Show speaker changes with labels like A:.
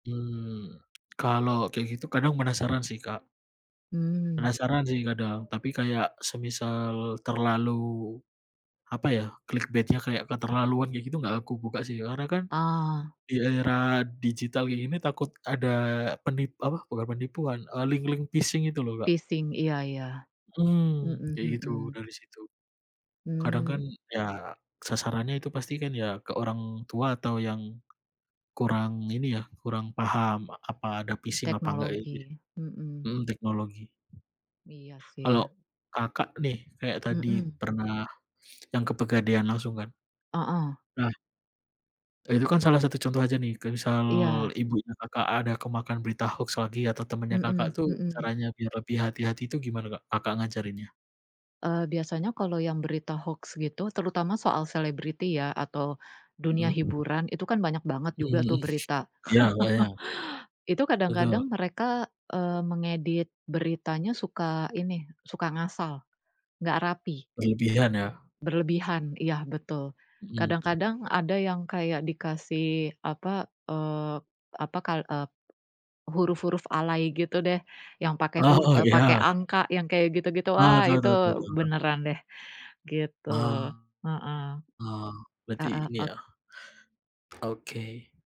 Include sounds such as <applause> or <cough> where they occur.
A: Hmm, kalau kayak gitu kadang penasaran sih Kak.
B: Mmm.
A: Penasaran sih kadang tapi kayak semisal terlalu apa ya, clickbait-nya kayak keterlaluan kayak gitu enggak aku buka sih, karena kan
B: Ah.
A: di era digital kayak gini takut ada peni apa bukan penipuan, eee, link-link phishing itu loh Kak.
B: Phishing, iya iya.
A: Mhm,
B: Mhm
A: kayak gitu
B: mhm.
A: dari situ. Kadang
B: Mmm.
A: kan ya sasarannya itu pasti kan ya ke orang tua atau yang kurang ini ya, kurang paham a apa, ada phishing apa enggak gitu.
B: Teknologi, mhm.
A: Mhm teknologi.
B: Iya sih.
A: Kalau Kakak nih kayak tadi
B: Mhm.
A: pernah yang ke pegadaian langsung kan.
B: Heeh.
A: Nah itu kan salah satu contoh aja nih kayak misal
B: Iya.
A: ibunya Kakak ada kemakan berita hoax lagi, atau temannya Kakak
B: Mhm
A: tuh
B: mhm.
A: caranya biar lebih hati-hati itu gimana Kak, Kakak ngajarinnya?
B: Eee, biasanya kalau yang berita hoax gitu terutama soal selebriti ya, atau dunia
A: Mhm.
B: hiburan itu kan banyak banget
A: Mhm
B: juga
A: mhm
B: tuh berita. <chuckles>
A: iya oh iya.
B: Itu
A: Betul.
B: kadang-kadang mereka, eee, mengedit beritanya suka ini, suka ngasal, nggak rapi.
A: Berlebihan ya.
B: Berlebihan, iya betul.
A: Mhm.
B: Kadang-kadang ada yang kayak dikasih apa, eee, apa, kal eee, huruf-huruf alay gitu deh yang pakai hur
A: Oh,
B: eee, pakai
A: ya.
B: angka yang kayak gitu-gitu,
A: Oh
B: ah
A: tahu
B: itu
A: tahu tahu tahu tahu.
B: beneran deh gitu,
A: Oh.
B: heeh.
A: Oh berarti
B: Heeh
A: ini
B: ok
A: ya. Oke.